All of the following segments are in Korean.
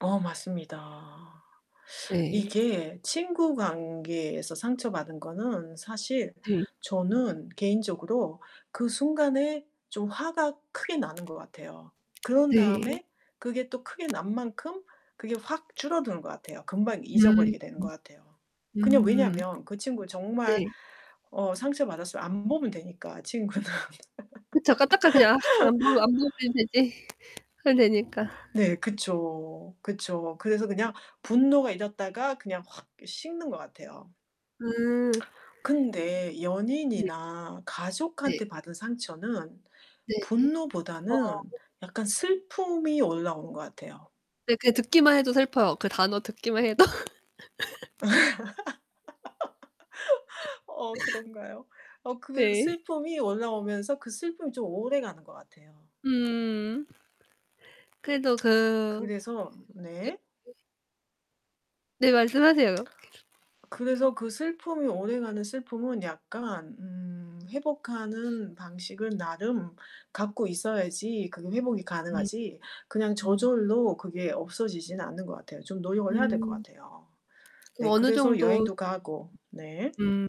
어, 맞습니다. 네. 이게 친구 관계에서 상처받은 거는 사실 네. 저는 개인적으로 그 순간에 좀 화가 크게 나는 것 같아요. 그런 네. 다음에 그게 또 크게 난 만큼 그게 확 줄어드는 것 같아요. 금방 음. 잊어버리게 되는 것 같아요. 그냥 음. 왜냐면 그 친구 정말 네. 어 상처 받았으면 안 보면 되니까, 친구는. 그쵸. 까딱하면 그냥 아 안 보 안 보면 되지. 그럼 되니까. 네 그쵸. 그쵸. 그래서 그냥 분노가 일었다가 그냥 확 식는 것 같아요. 음. 근데 네. 연인이나 네. 가족한테 받은 상처는 네. 어. 분노보다는 약간 슬픔이 올라오는 것 같아요. 네 그냥 듣기만 해도 슬퍼요. 그 단어 듣기만 해도. 어 그런가요? 어 그 네. 슬픔이 올라오면서 그 슬픔이 좀 오래 가는 것 같아요. 음. 그래도 그 그래서 네. [unintelligible] 네, 말씀하세요, 계속. 그래서 그 슬픔이 오래가는 슬픔은 약간 음 회복하는 방식은 나름 갖고 있어야지 그게 회복이 음. 가능하지 그냥 음. 저절로 그게 없어지지는 않는 것 같아요. 좀 노력을 해야 될 것 음 같아요. 네 그럼 어느 그래서 정도 여행도 가고. 네. 음,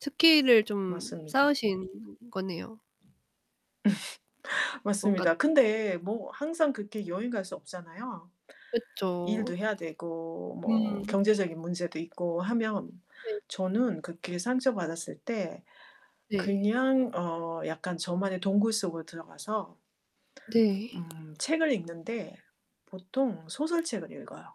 스킬을 좀 맞습니다. 쌓으신 거네요. 뭔가 맞습니다. 근데 뭐 항상 그렇게 여행 갈 수 없잖아요, 그쵸. 일도 해야 되고 음. 뭐 경제적인 문제도 있고 하면. 네. 저는 그렇게 상처 받았을 때, 네. 그냥 어 약간 저만의 동굴 속으로 들어가서 네. 음 책을 읽는데 보통 소설책을 읽어요.